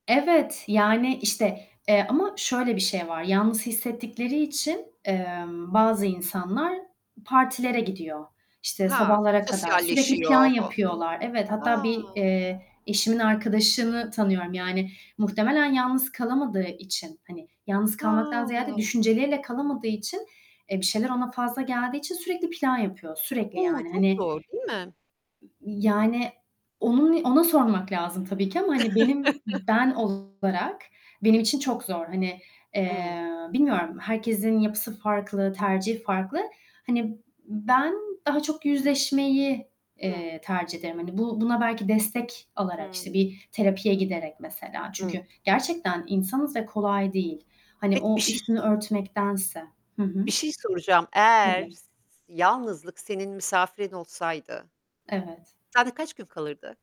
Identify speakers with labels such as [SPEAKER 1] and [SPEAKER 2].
[SPEAKER 1] Evet, yani işte, eee, ama şöyle bir şey var, yalnız hissettikleri için, emm, bazı insanlar partilere gidiyor, işte
[SPEAKER 2] Ha,
[SPEAKER 1] sabahlara kadar, sürekli plan
[SPEAKER 2] sosyalleşiyor. [unintelligible]
[SPEAKER 1] yapıyorlar, evet, hatta
[SPEAKER 2] A!
[SPEAKER 1] bir, eee, eşimin arkadaşını tanıyorum yani muhtemelen yalnız kalamadığı için, hani yalnız kalmaktan
[SPEAKER 2] A!
[SPEAKER 1] ziyade düşünceleriyle kalamadığı için, eee, bir şeyler ona fazla geldiği için sürekli plan yapıyor, sürekli
[SPEAKER 2] O!
[SPEAKER 1] yani
[SPEAKER 2] Çok
[SPEAKER 1] hani
[SPEAKER 2] zor değil mi?
[SPEAKER 1] ı yani onun ona sormak lazım tabii ki ama hani benim ben olarak benim için çok zor. Hani,
[SPEAKER 2] Hıı.
[SPEAKER 1] eee, bilmiyorum, herkesin yapısı farklı, tercihi farklı. Hani ben daha çok yüzleşmeyi,
[SPEAKER 2] Hıı.
[SPEAKER 1] eee, tercih ederim hani bu buna belki destek alarak, işte
[SPEAKER 2] Hıı.
[SPEAKER 1] bir terapiye giderek mesela. Çünkü,
[SPEAKER 2] Hıı.
[SPEAKER 1] gerçekten insanız ve kolay değil, hani
[SPEAKER 2] Peki bir
[SPEAKER 1] o
[SPEAKER 2] şey
[SPEAKER 1] üstünü örtmektense. Hı hı.
[SPEAKER 2] bir şey soracağım. Eğer
[SPEAKER 1] Tabii.
[SPEAKER 2] s yalnızlık senin misafirin olsaydı
[SPEAKER 1] Evet.
[SPEAKER 2] sende kaç gün kalırdı?